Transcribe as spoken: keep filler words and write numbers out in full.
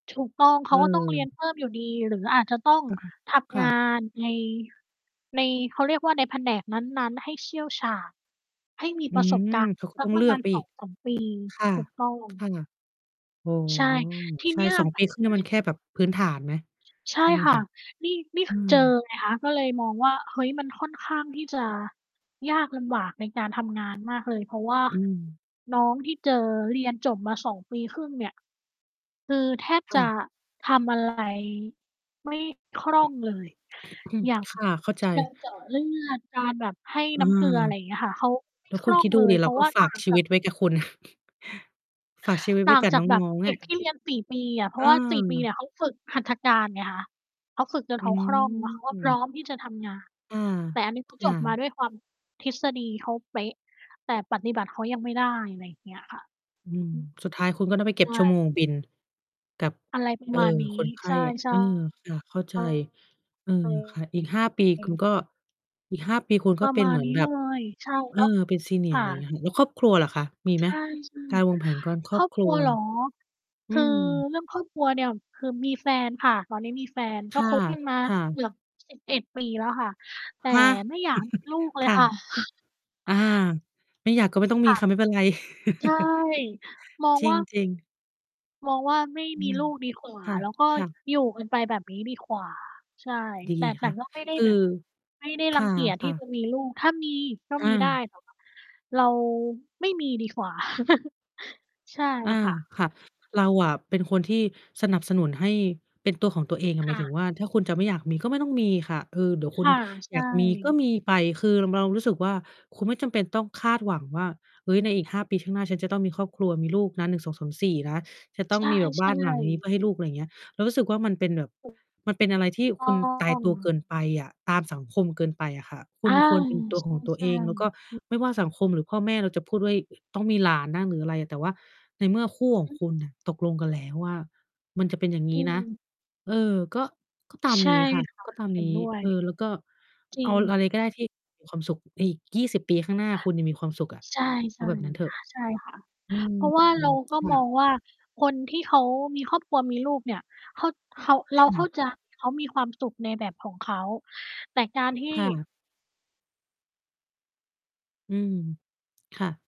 ถูกต้องเขอืาก็ต้องเรียนม เพิ่มอยู่ดีหรืออาจจะต้องอือฮึ ทคำ่งาะ นใน ใน เขาเรียกว่า ในแผนกนั้น ๆ ให้เชี่ยวชาญ ให้มีอืประสบม การณ์เขาก็สัต้กองปเรลืะมอกาณ ไปสอีอก งสาม ปี ค่ะ ถูกต้อคง ่ะ อ๋อ ใช่ ที่ใชเน่ ี้ย สองปีครึ่ง นี้มันแค่แบบพื้นฐานไหม ใช่ ใช่ไหมค่คะ ะ? นี่ นี่ อืคือ เจอม ไงคะ ก็เลยมองว่า เฮ้ย มันค่อนข้างที่จะยากลำบากในการทำงาน มากเลย เพราะว่า อืม น้องที่เจอเรียนจบมา สอง ปีครึ่งเนี่ย คือแทบคจ่ะะ ทำ อะไร ไม่คล่องเลย อย่าง ค่ะ เข้าใจ การเจาะเลือด การแบบให้อืน้ำเกม ลือ อะไรอย่างเงี้ยค่ะ เขา ไมแ่ ล้วคคุลณ่อคิงดดูเลดยิเเพราราะก็ว่าฝตา่ากงชีจวาิก ตไว้กับคุณ ฝากชีวิตไตว้่างกับจานกแบบ้อง เๆ ดอ็ะ กที่เรียน สี่ ปีอะ เพราะว่า สี่ ปีเนเออ ี่ย เขาฝึกหัตถการไงคะ เขาฝึกจนอืเขาคล่อง แล้วเขา ก็พรม ้อมที่จะทำงาน อา แต่อันนี้ เขา คจ่บมาะ ด้วยความ ทฤษฎีเขาเป๊ะ แต่ปฏิบัติเขายังไม่ได้ อะไรอย่างเงี้ยค่ะ อืม อือ สุดท้ายคุณก็ต้องไปเกใ็ชบชั่วโ่ มงบินกับ อะไรปรเอะ่อ มาณนีค้ นไขใ้ ช่ ใชเอ่ อ ค่ะ เข้าใจ เออ ค่ะ อีก ห้า ปี คุณก็ อีก ห้า ปีคุณกป็ระเปม็นาเณหมือนนี้แบเลบ ย ใช่เอเอ นาะ เป็น คSenior อ่ะไรอย่างเงี้ะ ย แล้วครอบครัวล่ะคะ มีใชไหม่ การวางๆ แผนการ ครคอรบอบคครัรัว วเหรอ? อคืือม เรื่องครอบครัวเนี่ย คือมีแฟนค่ะ ตอนนี้มีแฟนคก็คบกันมา่ะ ๆ เกือบ สิบเอ็ด ปีแล้วค่ะ แต่ฮะ ไม่อยาก ลูกเลคย่ะ ค่ะ อา ไม่อยากก็ไม่ต้องคมี่ะ ค่ะไม่เป็นไร ใช่ มองจรว่า ิง ๆ มองว่าไม่อืมีม ลูกดีกว่า คแล้วก็่ะ ๆ อยู่กันไปแบบนี้ดีกว่า ใช่ ดีแต่ แตค่่ะ ก็ไม่ได้คืแอ บบ ไม่ได้ครังเกียจที่่ะ จๆ ะมีลูก ถ้ามีก็อมีา ได้ แต่ว่า เราไม่มีดีกว่า ใช่อา ค่ะ ค่ะ เราอะเป็นคนที่สนับสนุนให้เป็นตัวของตัวเองอะ หคมาย่ถึงะ ว่าถ้าคุณจะไม่อยากมีก็ไม่ต้องมีค่ะ เออ เดี๋ยวคคน่ะ ใชอย่ ากมีก็มีไป คือรำ เรารู้สึกว่า คุณไม่จำเป็นต้องคาดหวังว่า เฮ้ย ในอีก ห้า ปีข้างหน้าฉันจะต้องมีครอบครัว มีลูกนะ หนึ่งสองสามสี่ นะ จะต้ใองช่ มีแบบ บ้านหลังนี้เๆ พื่อให้ลูก อะไรอย่างเงี้ย เรารู้สึกว่ามันเป็นแบบ ถูก มันเป็นอะไรทถีู่กตคุ้ณอตายง ตัวเกินไปอะ ตามสังคมเกินไปอะค่ะ คอุ่ณา ควรเป็นตัวใของตัวชเอ่ ง แล้วก็ๆ อือ ไม่ว่าสังคม หรือพ่อแม่เราจะพูดด้วย ต้องมีหลานนะ หรืออะไรอะ แต่ว่าในเมื่อคู่ของอคือ ุณน่ะ ตกลงกันแล้วว่า มันจะเป็นอย่างนอีื้นะ ม เออ ก็ ก็ตามใชน่ี้ค่ะ ค่ะ ก็ตามเห็นนี้ ด้วย เออ แล้วก็จรเิอาง อะไรก็ได้ที่มีความสุข อีก ยี่สิบ ปีข้างหน้าคุณเนี่ยมีความสุขอะ ใช่ เอาแบบนั้นเถอะ ๆ ใช่ค่ะ อืเพม ราะว่าเราก็ค่มอะ งว่า คนที่เขามีครอบครัวมีลูกเนี่ย เขา เขา เรคา่เข้า ะ ใจ เขามีความสุขในแบบของเขา แต่การที่ ค่ะ อืม ค่ะ